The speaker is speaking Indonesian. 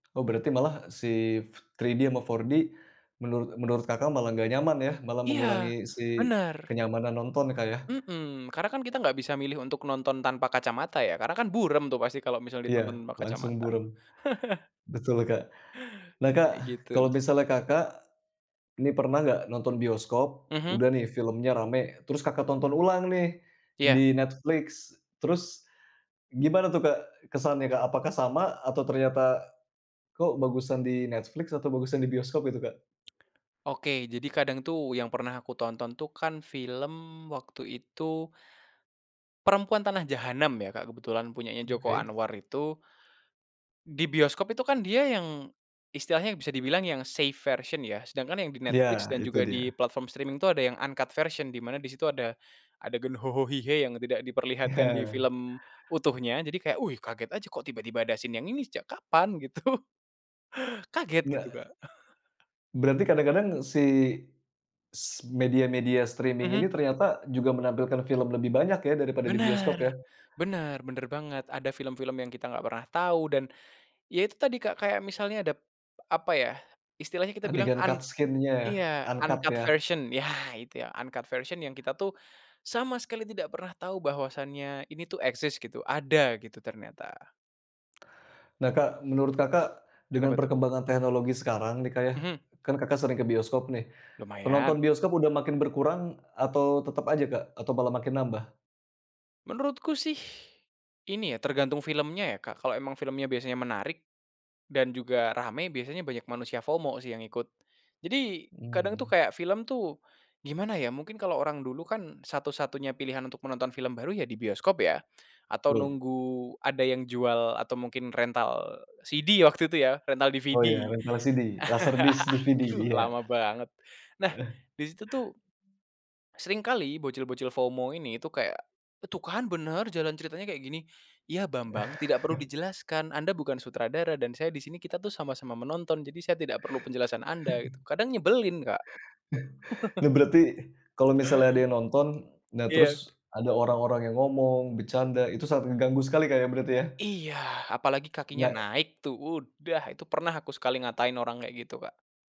Oh, berarti malah si 3D sama 4D menurut menurut Kakak malah enggak nyaman ya, malah mengurangi Iya, si bener. kenyamanan nonton ya, Kak, ya. Mhm, karena kan kita Oh. nggak bisa milih untuk nonton tanpa kacamata, ya. Karena kan buram tuh pasti kalo misalnya ditonton Iya, tanpa langsung kacamata. buram. Betul, Kak. Nah, Kak, Kayak gitu. kalau misalnya Kakak nih, pernah nggak nonton bioskop, Mhm. udah nih filmnya rame. Terus Kakak nonton ulang nih Iya. di Netflix, terus gimana tuh, Kak, kesannya, Kak? Apakah sama atau ternyata kok bagusan di Netflix atau bagusan di bioskop itu, Kak? Oke, jadi kadang tuh yang pernah aku tonton tuh kan film waktu itu Perempuan Tanah Jahanam ya, Kak, kebetulan punyanya Joko Oke. Anwar itu, di bioskop itu kan dia yang istilahnya bisa dibilang yang safe version ya sedangkan yang di Netflix Ya, dan itu juga di dia. platform streaming tuh ada yang uncut version di mana di situ ada adegan yang tidak diperlihatkan di film utuhnya, jadi kayak, wih, kaget aja kok tiba-tiba ada scene yang ini, sejak kapan gitu. Kaget gitu, Enggak Kak. Berarti kadang-kadang si s media-media streaming ini Mhm. ternyata juga menampilkan film lebih banyak ya daripada di bioskop, Bener, ya? bener bener banget, ada film-film yang kita nggak pernah tahu dan ya itu tadi, Kak, kayak misalnya ada, apa ya, istilahnya kita bilang Adegan an cut scene-nya ya iya uncut uncut ya. version, ya, gitu ya, uncut version yang kita tuh sama sekali tidak pernah tahu bahwasannya ini tuh eksis, gitu, ada gitu ternyata. Nah, Kak, menurut Kakak dengan Kenapa tuh? perkembangan teknologi sekarang nih, Kak, ya, Mhm. kan Kakak sering ke bioskop nih, Lumayan. penonton bioskop udah makin berkurang atau tetep aja, Kak, atau malah makin nambah? Menurutku sih, ini ya tergantung filmnya ya, Kalau emang filmnya biasanya menarik dan juga rame biasanya banyak manusia FOMO sih yang ikut. Jadi kadang tuh Mmm. kayak film tuh, gimana ya, mungkin kalau orang dulu kan satu-satunya pilihan untuk menonton film baru ya, di bioskop ya, atau Loh. nunggu ada yang jual atau mungkin rental CD waktu itu ya, rental Oh, iya, DVD. rental LCD laser disc DVD, Duh, ya. lama banget, nah, Eh. di situ tuh seringkali bocil-bocil FOMO ini tuh, kayak, "Tuh kan bener jalan ceritanya kayak gini." Iya, bambang, tidak perlu dijelaskan. Anda bukan sutradara dan saya di sini, kita tuh sama-sama menonton jadi saya tidak perlu penjelasan anda, gitu. Kadang nyebelin, Kak. Lah, berarti, kalo misalnya ada yang nonton, nah, terus Iya. ada orang-orang yang ngomong, bercanda, itu sangat ngeganggu sekali Kak, ya, berarti, ya? Iya, apalagi kakinya Nggak. naik tuh, udah, itu pernah aku sekali ngatain orang kayak gitu, Kak.